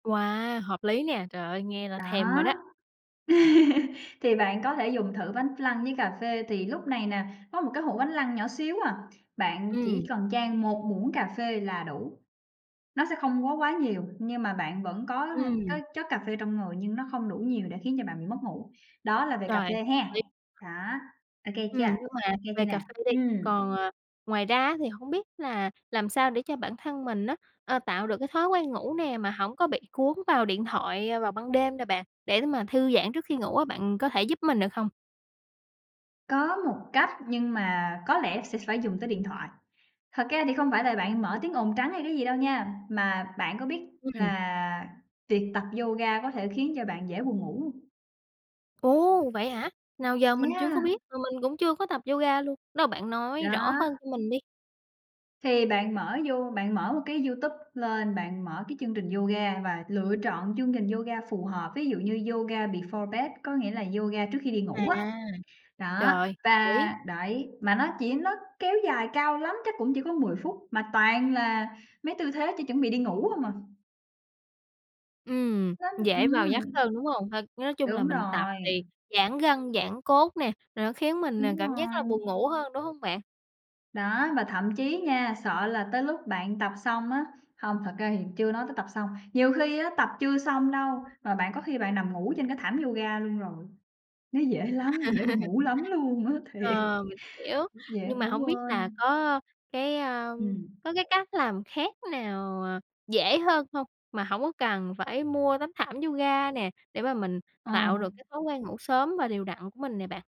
Wow! Hợp lý nè. Trời ơi, nghe là Đó! thèm rồi đó! Thì bạn có thể dùng thử bánh flan với cà phê, thì lúc này nè, có 1 cái hũ bánh flan nhỏ xíu à, bạn chỉ Ừm. cần chan 1 muỗng cà phê là đủ. Nó sẽ không quá quá nhiều nhưng mà bạn vẫn có h có Ừm. chất cà phê trong người nhưng nó không đủ nhiều để khiến cho bạn bị mất ngủ. Đó là về cà Trời, phê hợp ha! lý! Đó, ô kê chưa? Ừm, nhưng mà Ô kê chưa về nè? cà phê đi, Ừm. còn, ờ, ngoài ra á, thì hông biết là làm sao để cho bản thân mình á, ờ, tạo được cái thói quen ngủ nè mà hổng có bị cuốn vào điện thoại vào ban đêm nè bạn, để mà thư giãn trước khi ngủ á, bạn có thể giúp mình được không? Có một cách nhưng mà có lẽ sẽ phải dùng tới điện thoại. Thật ra thì không phải là bạn mở tiếng ồn trắng hay cái gì đâu nha, mà bạn có biết Ừm. là tiệc tập yoga có thể khiến cho bạn dễ buồn ngủ hông? Ồ, vậy hả? Nào giờ mình chưa có Yeah! biết, mà mình cũng chưa có tập yoga luôn. Đâu, bạn nói rõ Đó. hơn cho mình đi! Thì bạn mở You bạn mở một cái YouTube lên, bạn mở cái chương trình yoga và lựa trọn chương trình yoga phù hợp, ví dụ như "Yoga before bed", có nghĩa là yoga trước khi đi À. ngủ á. Trời Đó, ơi, hợp lý! và đấy, mà nó chỉ nó kéo dài cao lắm chắc cũng chỉ có 10 phút mà toàn là mấy tư thế chuẩn chuẩn bị đi ngủ hông à. Ừm, Nó dễ vào giấc ừm. hơn, đúng hông? H nói chung là Đúng mình tập rồi. thì giãn gân, giãn cốt nè, rồi nó khiến mình, à, Đúng cảm giác là rồi. buồn ngủ hơn, đúng hông bạn? Đó, và thậm chí nha, sợ là tới lúc bạn tập xong á hông, thật ra thì chưa nói tới tập xong, nhiều khi á, tập chưa xong đâu, mà bạn có khi bạn nằm ngủ trên cái thảm yoga luôn rồi. Nó dễ lắm, dễ buồn ngủ lắm luôn á, thiệt! Ờ, mình hiểu, Dễ nhưng mà ngủ hổng biết là quên. có cái, a, Ừm. có cái cách làm khác nào, à, dễ hơn hông mà hổng có cần phải mua tấm thảm yoga nè, để mà mình Ờ. tạo được cái thói quen ngủ sớm và đều đặn của mình nè bạn?